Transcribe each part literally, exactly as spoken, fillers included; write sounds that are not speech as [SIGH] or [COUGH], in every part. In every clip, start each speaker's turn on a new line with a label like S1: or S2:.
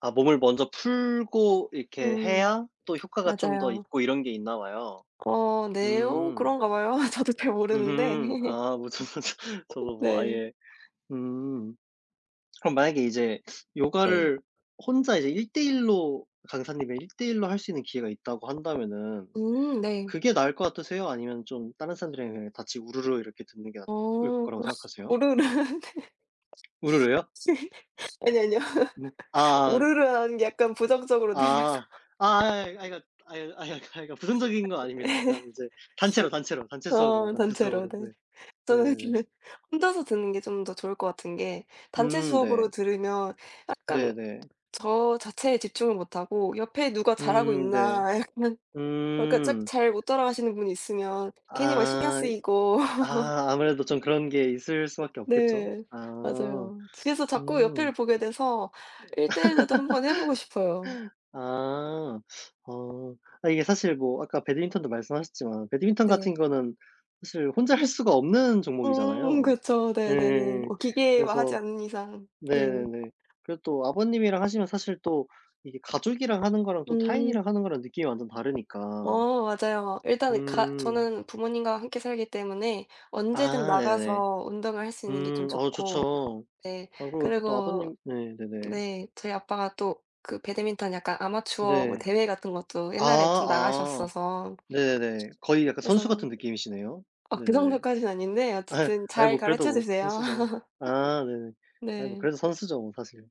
S1: 아 몸을 먼저 풀고 이렇게
S2: 음.
S1: 해야 또 효과가 좀 더
S2: 맞아요.
S1: 있고 이런 게 있나 봐요?
S2: 어. 네 요.
S1: 음.
S2: 그런가 봐요. 저도 잘 모르는데.
S1: 으흠.
S2: [LAUGHS]
S1: 아 무슨 저도 뭐
S2: 네.
S1: 아예. 음. 그럼 만약에 이제
S2: 네.
S1: 요가를 혼자 이제 일대일 로 강사님이 일대일 로 할 수 있는 기회가 있다고 한다면은
S2: 음 네.
S1: 그게 나을 것 같으세요? 아니면 좀 다른 사람들이랑 그냥 같이 우르르 이렇게 듣는 게 나을
S2: 어.
S1: 거라고
S2: [LAUGHS]
S1: 생각하세요?
S2: 우르르. 네. [LAUGHS]
S1: 우르르요?
S2: 아니요, 아니요.
S1: 음.
S2: [LAUGHS]
S1: 아.
S2: 우르르라는 게 약간 부정적으로 들려서.
S1: 아. 아 아이, 아이 아 이거 아유 아휴 아이 아이고 부정적인 거
S2: [LAUGHS]
S1: 아닙니다.
S2: 아니요.
S1: 그냥 인제 단체로 단체로 단체
S2: 예.
S1: 수업으로
S2: 어.
S1: 단체
S2: 단체로
S1: 수업으로
S2: 네.
S1: 네.
S2: 저는
S1: 네네네.
S2: 근데 혼자서 듣는 게 좀 더 좋을 것 같은 게 단체
S1: 음
S2: 수업으로
S1: 네.
S2: 들으면 약간
S1: 네네.
S2: 저 자체에 집중을 못 하고 옆에 '누가 잘하고
S1: 음. 네.
S2: 있나?' 약간 어 그러니까 짝
S1: 음.
S2: 잘 못 따라가시는 분이 있으면 괜히 막 신경
S1: 아.
S2: 쓰이고
S1: 아
S2: [LAUGHS]
S1: 아무래도 좀 그런 게 있을 수밖에 없겠죠?
S2: 네.
S1: 아.
S2: 맞아요. 그래서 자꾸
S1: 음.
S2: 옆에를 보게 돼서 일대일 로도 한 번 해 보고 싶어요.
S1: [LAUGHS] 아. 어. 아 이게 사실 뭐 아까 배드민턴도 말씀하셨지만 배드민턴
S2: 네.
S1: 같은 거는 사실 혼자 할 수가 없는
S2: 음.
S1: 종목이잖아요.
S2: 그쵸. 네 네 네.
S1: 예예예.
S2: 오 기계화하지
S1: 그래서
S2: 않는 이상 네.
S1: 네네네. 그리고 또 아버님이랑 하시면 사실 또 이게 가족이랑 하는 거랑 또
S2: 음.
S1: 타인이랑 하는 거랑 느낌이 완전 다르니까.
S2: 어 맞아요. 막 일단은 가
S1: 음.
S2: 저는 부모님과 함께 살기 때문에 언제든
S1: 아 네네네.
S2: 나가서 운동을 할 수 있는 게 좀
S1: 음. 어.
S2: 좋고
S1: 좋죠.
S2: 네.
S1: 아 그리고 또
S2: 그리고
S1: 아버님 네. 네네.
S2: 네. 저희 아빠가 또 그 배드민턴 약간 아마추어 뭐
S1: 네.
S2: 대회 같은 것도
S1: 아
S2: 옛날에 좀
S1: 아.
S2: 나가셨어서
S1: 네네네. 거의 약간 선수
S2: 그래서
S1: 같은 느낌이시네요.
S2: 아 그
S1: 네네네.
S2: 정도까진 아닌데
S1: [LAUGHS]
S2: 어쨌든
S1: 아이
S2: 잘
S1: 뭐 그래도
S2: 가르쳐
S1: 뭐
S2: 주세요.
S1: 선수죠. 아 네네.
S2: [LAUGHS]
S1: 아이 뭐
S2: 네.
S1: 그래도 선수죠 뭐 사실.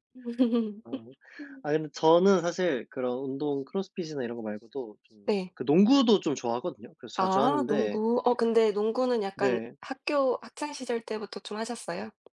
S1: 아.
S2: [LAUGHS]
S1: 아 근데 저는 사실 그런 운동 크로스핏이나 이런 거 말고도 좀
S2: 네.
S1: 그 농구도 좀 좋아하거든요. 그래서 자주
S2: 아
S1: 하는데
S2: 농구. 어 근데 농구는 약간
S1: 네.
S2: 학교 학창 시절 때부터 좀 하셨어요?